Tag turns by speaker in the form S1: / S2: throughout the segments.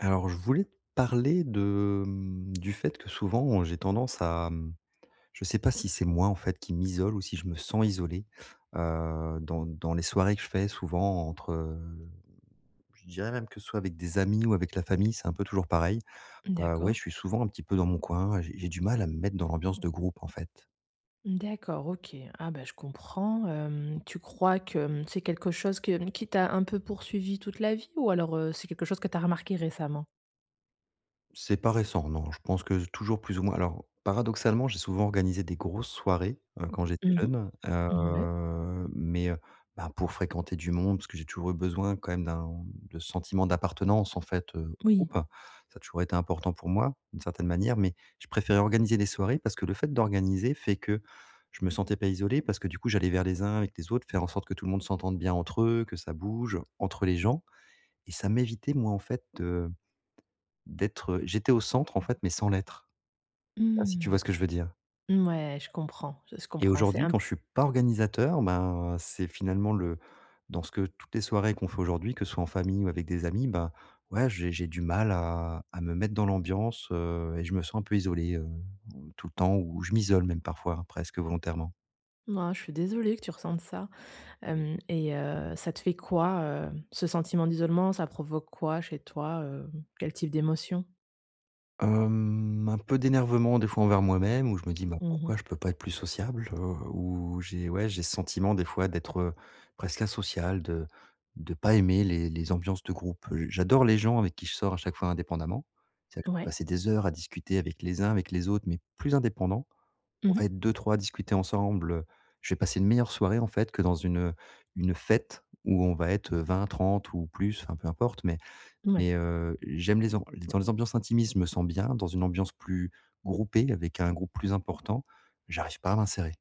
S1: Alors je voulais te parler de, hem, du fait que souvent j'ai tendance à, hem, je sais pas si c'est moi, en fait, qui m'isole ou si je me sens isolé. Heu, dans dans les soirées que je fais souvent entre, heu, je dirais même que ce soit avec des amis ou avec la famille, c'est un peu toujours pareil,
S2: Mmh
S1: heu, ouais,
S2: d'accord.
S1: je suis souvent un petit peu dans mon coin. J'ai j'ai du mal à me mettre dans l'ambiance de groupe, en fait.
S2: Mmh d'accord, OK. Ah bah, je comprends, hem, tu crois que, hem, c'est quelque chose que, hem, qui t'a un peu poursuivi toute la vie ou alors, heu, c'est quelque chose que tu as remarqué récemment?
S1: C'est pas récent non, je pense que je toujours plus ou moins alors paradoxalement j'ai souvent organisé des grosses soirées, heu, quand j'étais
S2: Mmh
S1: jeune,
S2: mh, mouais.
S1: heu mais heu, bah, pour fréquenter du monde, parce que j'ai toujours eu besoin quand même d'un de ce sentiment d'appartenance, en fait, heu,
S2: Oui.
S1: groupe. Ça a toujours été important pour moi, d'une certaine manière mais je préférais organiser des soirées parce que le fait d'organiser fait que je me sentais pas isolé parce que, du coup, j'allais vers les uns, avec les autres, faire en sorte que tout le monde s'entende bien entre eux, que ça bouge entre les gens et ça m'évitait moi, en fait, heu, de d'être, heu j'étais au centre, en fait, mais sans l'être. Pas si tu
S2: Mmh.
S1: vois ce que je veux dire?
S2: Mouais je comprends, s je
S1: Et
S2: comprends c'est
S1: aujourd'hui
S2: un
S1: quand je suis pas organisateur ben, c'est finalement le dans ce que toutes les soirées qu'on fait aujourd'hui, que ce soit en famille ou avec des amis bah, ouais j'ai j'ai du mal à à me mettre dans l'ambiance, heu et je me sens un peu isolé, heu, tout le temps où je m'isole même parfois, presque volontairement.
S2: M oh je suis désolée que tu ressentes ça. Hem et heu, ça te fait quoi, heu, ce sentiment d'isolement? Ça provoque quoi chez toi, heu, quel type d'émotion?
S1: Hem, un peu d'énervement, des fois, envers moi-même où je me dis: «Bah
S2: Mmh
S1: pourquoi
S2: mh.
S1: je peux pas être plus sociable?» heu, ou, j'ai ouais, j'ai ce sentiment, des fois, d'être, heu, presque asociale, de de pas aimer les les ambiances de groupe. Heu, j'adore les gens avec qui je sors à chaque fois indépendamment. C'est vrai que je peux
S2: Ouais.
S1: passer des heures à discuter avec les uns, avec les autres, mais plus indépendants.
S2: Mmh
S1: On va
S2: mh.
S1: être 2-3 à discuter ensemble, heu, je vais passer une meilleure soirée, en fait, que dans une, heu, une fête où on va être, heu, 20-30 ou plus, enfin, peu importe mais
S2: Mouais.
S1: mais heu, j'aime les am dans les ambiances intimismes, je me sens bien. Dans une ambiance plus groupée, avec un groupe plus important, j'arrive pas à m'insérer.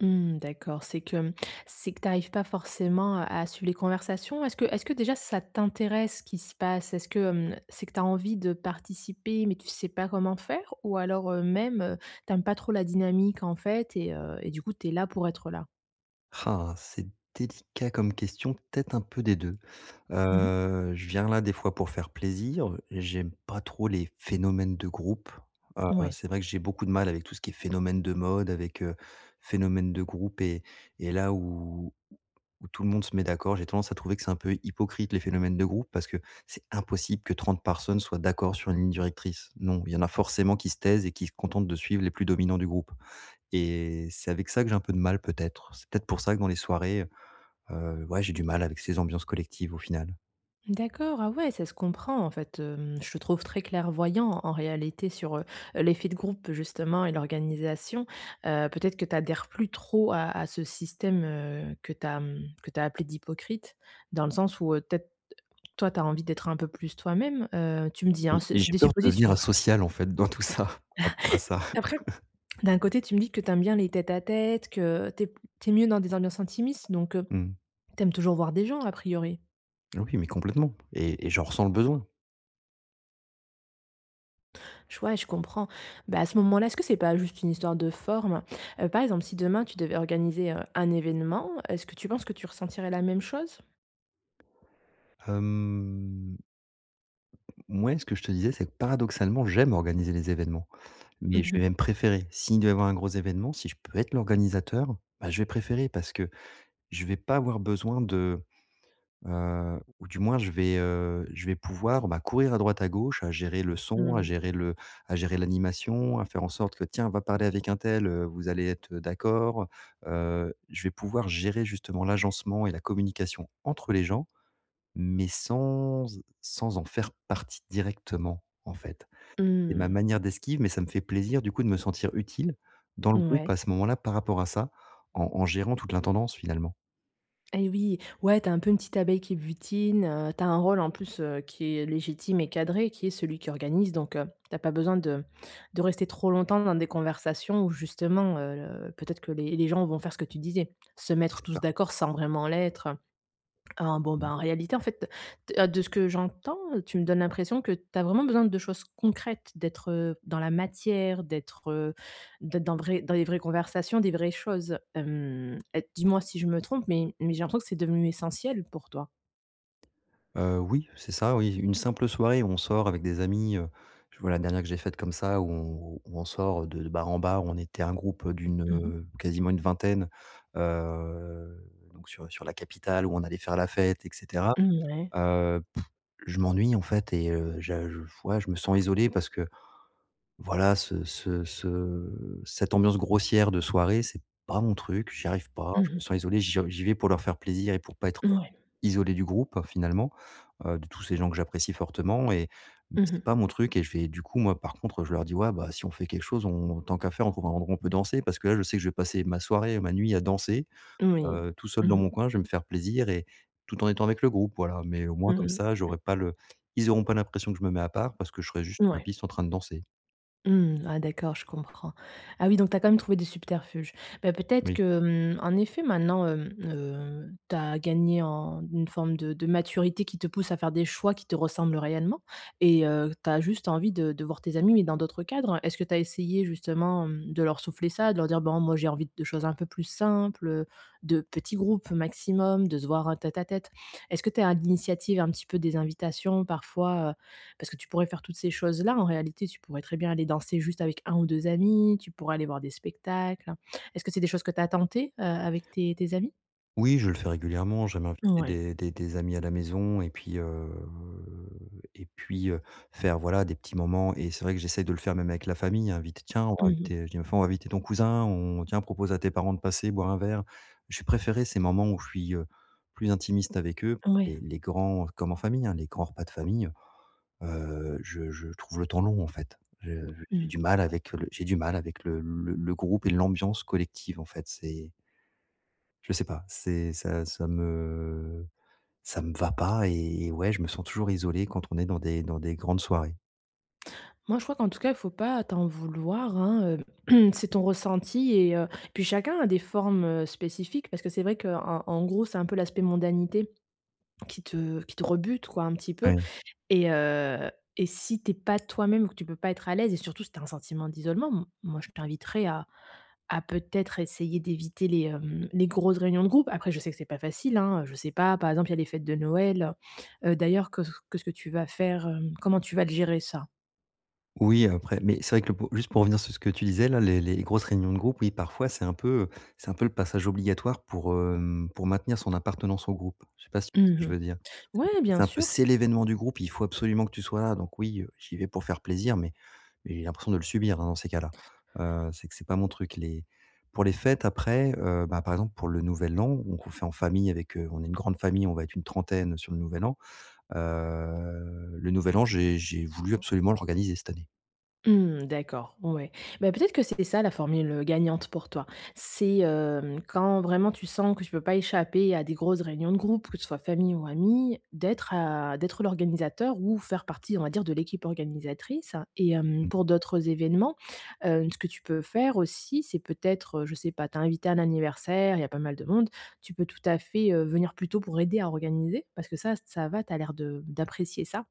S2: Mmh, d'accord. C'est que, hem, c'est que tu arrives pas forcément à à suivre les conversations? Est-ce que est-ce que déjà ça t'intéresse ce qui se passe? Est-ce que, hem, c'est que tu as envie de participer, mais tu sais pas comment faire? Ou alors, heu, même, heu, tu aimes pas trop la dynamique, en fait et heu et du coup tu es là pour être là?
S1: Ah, c'est délicat comme question, peut-être un peu des 2.
S2: Mmh mh.
S1: Heu, je viens là, des fois, pour faire plaisir, j'aime pas trop les phénomènes de groupe. Heu,
S2: Ouais.
S1: c'est vrai que j'ai beaucoup de mal avec tout ce qui est phénomène de mode, avec, heu, phénomène de groupe et et là où où où tout le monde se met d'accord, j'ai tendance à trouver que c'est un peu hypocrite les phénomènes de groupe parce que c'est impossible que 30 personnes soient d'accord sur une ligne directrice. Non, il y en a forcément qui se taisent et qui se contentent de suivre les plus dominants du groupe et c'est avec ça que j'ai un peu de mal, peut-être. C'est, peut-être, pour ça que dans les soirées, heu ouais j'ai du mal avec ces ambiances collectives, au final.
S2: D'accord. Ah ouais, ça se comprend en fait, hem, je te trouve très clairvoyant en réalité sur, heu heu, l'effet de groupe justement et l'organisation. Heu, peut-être que tu adhères plus trop à à ce système, heu, que tu as, mmh, que tu as appelé d'hypocrite. Dans le sens où, heu, peut-être toi tu as envie d'être un peu plus toi-même, heu, tu me dis,
S1: Et
S2: hein, c'est
S1: et
S2: c'est
S1: j'ai
S2: des
S1: peur de devenir
S2: suppositions que je fais.
S1: asocial, en fait, dans tout ça, par rapport à ça.
S2: Après, d'un côté tu me dis que tu aimes bien les tête à tête, que tu es p tu es mieux dans des ambiances intimistes, donc heu,
S1: Mmh.
S2: tu aimes toujours voir des gens à priori?
S1: Oui mais complètement et et j'en ressens le besoin.
S2: Ch ouais je comprends, bah, à ce moment-là, est-ce que c'est pas juste une histoire de forme? Heu, par exemple si demain tu devais organiser, heu, un événement, est-ce que tu penses que tu ressentirais la même chose?
S1: Hem mouais ce que je te disais c'est que, paradoxalement, j'aime organiser les événements
S2: Mmh
S1: mais je vais
S2: mh.
S1: même préférer. S'il devait y avoir un gros événement, si je peux être l'organisateur, bah, je vais préférer parce que je vais pas avoir besoin de, heu ou du moins je vais, heu, je vais pouvoir, bah, courir à droite à gauche à gérer le son, à
S2: Mmh.
S1: gérer le à gérer l'animation, à faire en sorte que: «Tiens va parler avec un tel, heu, vous allez être d'accord, heu», je vais pouvoir gérer justement l'agencement et la communication entre les gens mais sans e sans en faire partie directement, en fait.
S2: Mmh
S1: C'est ma
S2: mh.
S1: manière d'esquive mais ça me fait plaisir du coup de me sentir utile dans le groupe
S2: Mouais.
S1: à ce moment-là, par rapport à ça, en en gérant toute l'intendance, finalement.
S2: Et oui! Ouais, tu es un peu une petite abeille qui butine, heu, tu as un rôle en plus, heu, qui est légitime et cadré qui est celui qui organise donc heu, tu as pas besoin de de rester trop longtemps dans des conversations où justement, heu, le peut-être que les les gens vont faire ce que tu disais. Se mettre
S1: C'est
S2: tous
S1: ça.
S2: d'accord sans vraiment l'être, heu, en bon
S1: Mmh mh.
S2: bah, en réalité en fait t heu, de ce que j'entends, tu me donnes l'impression que tu as vraiment besoin de choses concrètes, d'être, heu, dans la matière, d'être, heu, d'être dans de vrai dans les vraies conversations, des vraies choses. Hem, heu, dis-moi si je me trompe, mais mais j'ai l'impression que c'est devenu essentiel pour toi?
S1: Heu, oui, c'est ça, oui, une simple soirée où on sort avec des amis, heu, je vois la dernière que j'ai faite comme ça où on où où on sort, heu, de de bar en bar, on était un groupe, heu, d'une,
S2: Mmh mh.
S1: heu, quasiment une vingtaine, heu, donc sur, heu, sur la capitale où on allait faire la fête et cetera.
S2: Mmh, ouais.
S1: Heu, pff, je m'ennuie en fait et heu, je j f ouais, je me sens isolé parce que, voilà, ce ce ce cette ambiance grossière de soirée, c'est pas mon truc. J'y arrive pas,
S2: Mmh
S1: je me
S2: mh.
S1: sens isolé, j'y en j'y vais pour leur faire plaisir et pour pas être, heu,
S2: Mouais.
S1: isolé du groupe, finalement. Heu, de tous ces gens que j'apprécie fortement et mais
S2: Mmh
S1: c'est
S2: mh.
S1: pas mon truc et je vais, du coup, moi par contre, je leur dis: «Ouais, bah, si on fait quelque chose on tant qu'à faire on trouve un endroit où on peut danser» parce que là je sais que je vais passer ma soirée, ma nuit à danser,
S2: Moui.
S1: heu, tout seul
S2: Mmh
S1: dans mon
S2: mh.
S1: coin, je vais me faire plaisir et tout en étant avec le groupe voilà mais au moins
S2: Mmh
S1: comme
S2: mh.
S1: ça j'aurais pas le ils auront pas l'impression que je me mets à part parce que je serai juste sur la
S2: Mouais.
S1: piste en train de danser.
S2: Mmh. Ah d'accord, je comprends. Ah oui, donc tu as quand même trouvé des subterfuges. Bah, peut-être
S1: Oui.
S2: que, hem, en effet maintenant, hem, heu, tu as gagné en une forme de de maturité qui te pousse à faire des choix qui te ressemblent réellement et heu, tu as juste envie de de voir tes amis, mais dans d'autres cadres. Est-ce que tu as essayé justement, hem, de leur souffler ça? De leur dire: «Bon moi j'ai envie de choses un peu plus simples, heu, de petits groupes maximum, de se voir en tête à tête». Est-ce que tu es à l'initiative, un petit peu, des invitations parfois, heu, parce que tu pourrais faire toutes ces choses-là en réalité, tu pourrais très bien aller danser juste avec 1 ou 2 amis, tu pourrais aller voir des spectacles? Est-ce que c'est des choses que tu as tenté, heu, avec tes tes amis?
S1: Oui je le fais régulièrement, j'aime inviter
S2: Ouais.
S1: des des des amis à la maison et puis, heu et puis, heu, faire voilà des petits moments et c'est vrai que j'essaye de le faire même avec la famille, invite: «Tiens, on va
S2: Mmh
S1: inviter,
S2: mh.
S1: heu», je dis: «Bah f on va inviter ton cousin, on tiens, propose à tes parents de passer boire un verre». Je vais préférer ces moments où je suis, heu, plus intimiste avec eux, les
S2: Ouais.
S1: les grands comme en famille, hein, les grands repas de famille, heu, je je trouve le temps long, en fait. Je je j'ai du
S2: Mmh.
S1: mal avec le j'ai du mal avec le le le groupe et l'ambiance collective en fait, c'est je sais pas, c'est ça ça me ça me va pas et et ouais, je me sens toujours isolé quand on est dans des dans des grandes soirées.
S2: Moi, je crois qu'en tout cas, faut pas t'en vouloir hein, heu, c'est ton ressenti et heu, puis chacun a des formes, heu, spécifiques parce que c'est vrai qu'en en gros, c'est un peu l'aspect mondanité qui te qui te rebute quoi un petit peu
S1: Oui.
S2: et heu et si tu es pas toi-même, que tu peux pas être à l'aise et surtout si tu as un sentiment d'isolement, m moi je t'inviterais à à peut-être essayer d'éviter les, hem, les grosses réunions de groupe. Après je sais que c'est pas facile hein, heu, je sais pas par exemple il y a les fêtes de Noël. Heu heu, d'ailleurs que s, que ce que tu vas faire, hem, comment tu vas le gérer ça?
S1: Oui après mais c'est vrai que le po juste pour revenir sur ce que tu disais là, les les grosses réunions de groupe, oui, parfois c'est un peu, heu, c'est un peu le passage obligatoire pour, hem, pour maintenir son appartenance au groupe. Je sais pas si tu
S2: Mmh
S1: vois ce que je
S2: mh,
S1: veux dire? C'est du
S2: ouais
S1: coup,
S2: bien
S1: c'est un peu:
S2: sûr.
S1: «C'est l'événement du groupe, il faut absolument que tu sois là», donc oui, heu, j'y vais pour faire plaisir mais mais j'ai l'impression de le subir, hein, dans ces cas-là. Heu, c'est que c'est pas mon truc les pour les fêtes après, heu, bah, par exemple, pour le nouvel an, donc on fait en famille avec, heu on est une grande famille, on va être une trentaine sur le nouvel an. Heu, le nouvel an j'ai j'ai voulu absolument l'organiser cette année.
S2: Mmh, d'accord, ouais. Bah, peut être que c'était ça la formule, heu, gagnante pour toi. C'est, hem, quand vraiment tu sens que tu peux pas échapper à des grosses réunions de groupe, que ce soit famille ou amis, d'être à d'être l'organisateur ou faire partie, on va dire, de l'équipe organisatrice et hem,
S1: Mmh.
S2: pour d'autres événements, hem, ce que tu peux faire aussi, c'est peut-être, heu, je sais pas, tu es invité à un anniversaire, il y a pas mal de monde. Tu peux tout à fait, heu, venir plus tôt pour aider à organiser parce que ça, ça va, tu as l'air de d'apprécier ça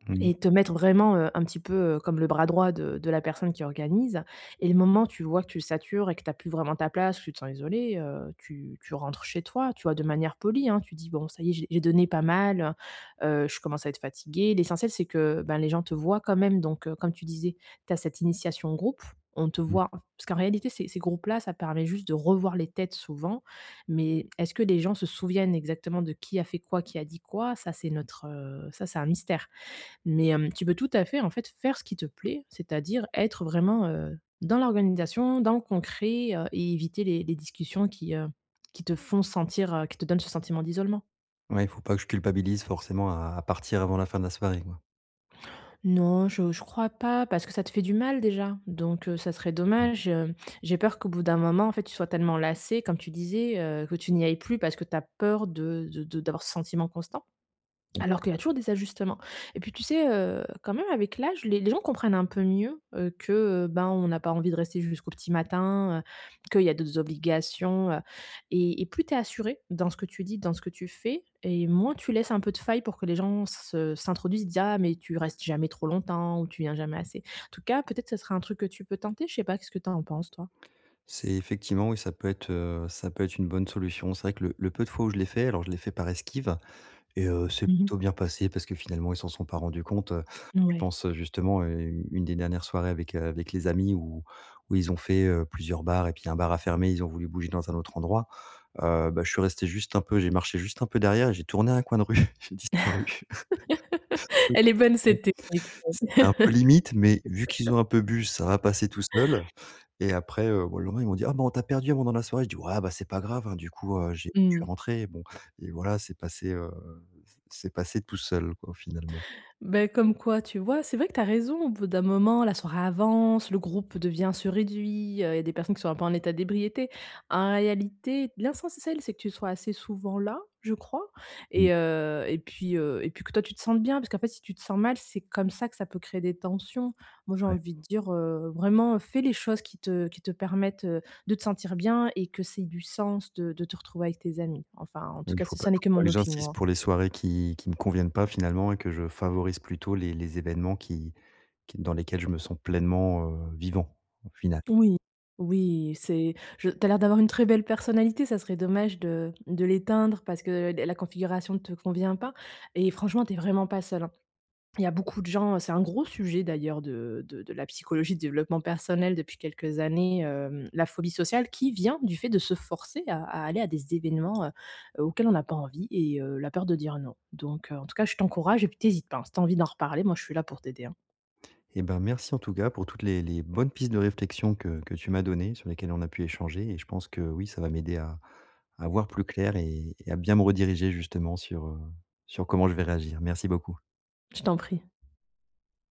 S1: Mmh mh.
S2: et te mettre vraiment, heu, un petit peu comme le bras droit de de la personne qui organise et le moment où tu vois que tu satures et que tu as plus vraiment ta place ou tu te sens isolé, heu, tu tu rentres chez toi, tu vois? De manière polie, hein, tu dis: «Bon ça y est j'ai j'ai donné pas mal, heu heu, je commence à être fatigué». L'essentiel c'est que, bah, les gens te voient quand même donc heu, comme tu disais, tu as cette initiation de groupe, on te
S1: Oui.
S2: voit. Parce qu'en réalité ces ces groupes-là ça permet juste de revoir les têtes souvent, mais est-ce que les gens se souviennent exactement de qui a fait quoi, qui a dit quoi? Ça c'est une autre, heu, ça c'est un mystère mais hem, tu peux tout à fait, en fait, faire ce qui te plaît. C'est-à-dire être vraiment, heu, dans l'organisation, dans le concret, heu et éviter les les discussions qui, heu, qui te font sentir, heu, qui te donnent ce sentiment d'isolement.
S1: Ouais, faut pas que je culpabilise forcément à à partir avant la fin de la soirée, quoi.
S2: Non, je je crois pas parce que ça te fait du mal déjà, donc heu, ça serait
S1: Mmh.
S2: dommage, hem, j'ai peur qu'au bout d'un moment, en fait, tu sois tellement lassé comme tu disais, heu, que tu n'y ailles plus parce que tu as peur de de de d'avoir ce sentiment constant.
S1: Mmh.
S2: Alors qu'il y a toujours des ajustements et puis tu sais, heu, quand même avec l'âge les les gens comprennent un peu mieux, heu, que, heu, ben on n'a pas envie de rester jusqu'au petit matin, heu, qu'il y a d'autres obligations, heu et et plus tu es assuré dans ce que tu dis, dans ce que tu fais et moins tu laisses un peu de failles pour que les gens s se s'introduisent, disent: «Ah mais tu restes jamais trop longtemps» ou «Tu viens jamais assez». En tout cas, peut-être, ce serait un truc que tu peux tenter, je sais pas, qu'est-ce que tu en penses toi?
S1: C'est effectivement oui, ça peut être, heu, ça peut être une bonne solution. C'est vrai que le le peu de fois où je l'ai fait, alors je l'ai fait par esquive et heu, c'est
S2: Mmh mh.
S1: plutôt bien passé parce que, finalement, ils s'en sont pas rendus compte, heu, je
S2: Mouais.
S1: pense, heu, justement, heu, u une des dernières soirées avec, heu, avec les amis où où ils ont fait, heu, plusieurs bars et puis un bar a fermé, ils ont voulu bouger dans un autre endroit. Heu, bah je suis resté juste un peu j'ai marché juste un peu derrière et j'ai tourné à un coin de rue. J'ai disparu. [unintelligible]
S2: Elle est bonne cette technique
S1: C'était un peu limite mais vu qu'ils
S2: ouais.
S1: ont un peu bu ça va passer tout seul et après, heu, bah, le lendemain ils m'ont dit: «Ah bon on t'a perdu un moment dans la soirée», je dis: «Ouais, bah, c'est pas grave, hein, du coup, heu, j'ai je suis
S2: Mmh.
S1: rentré» bon et voilà c'est passé, heu, c c'est passé tout seul, quoi, finalement.
S2: Bah, comme quoi, tu vois, c'est vrai que tu as raison, au bout d'un moment la soirée avance, le groupe devient se réduit, heu, il y a des personnes qui sont un peu en état d'ébriété. En réalité, l'essentiel c'est que tu sois assez souvent là, je crois
S1: Mmh.
S2: et heu et puis, heu et puis que toi tu te sentes bien, parce qu'en fait si tu te sens mal, c'est comme ça que ça peut créer des tensions. Moi j'ai
S1: Ouais.
S2: envie de dire, heu: «Vraiment, heu, fais les choses qui te qui te permettent, heu, de te sentir bien et que ça ait du sens de de te retrouver avec tes amis», enfin, en
S1: Mais
S2: tout
S1: il
S2: cas,
S1: faut
S2: ce
S1: pas
S2: ça
S1: il
S2: n'est que
S1: faut pas
S2: mon
S1: que
S2: opinion,
S1: j'insiste
S2: hein.
S1: pour les soirées qui qui me conviennent pas finalement et que je favorise plutôt les les événements qui qui dans lesquels je me sens pleinement, heu, vivant au final.
S2: Oui, oui et c'est je tu as l'air d'avoir une très belle personnalité, ça serait dommage de de l'éteindre parce que la la configuration ne te convient pas et franchement tu es vraiment pas seul, hein. Il y a beaucoup de gens c'est un gros sujet d'ailleurs de de de la psychologie de développement personnel depuis quelques années, hem, la phobie sociale qui vient du fait de se forcer à à aller à des événements, heu heu, auxquels on n'a pas envie et heu, la peur de dire: «Non», donc heu, en tout cas, je t'encourage et puis tu hésites pas, hein. Si tu as envie d'en reparler, moi je suis là pour t'aider, hein.
S1: Et ben merci en tout cas pour toutes les les bonnes pistes de réflexion que que tu m'as données, sur lesquelles on a pu échanger et je pense que, oui, ça va m'aider à à voir plus clair et et à bien me rediriger justement sur, heu, sur comment je vais réagir. Merci beaucoup.
S2: Je t'en prie.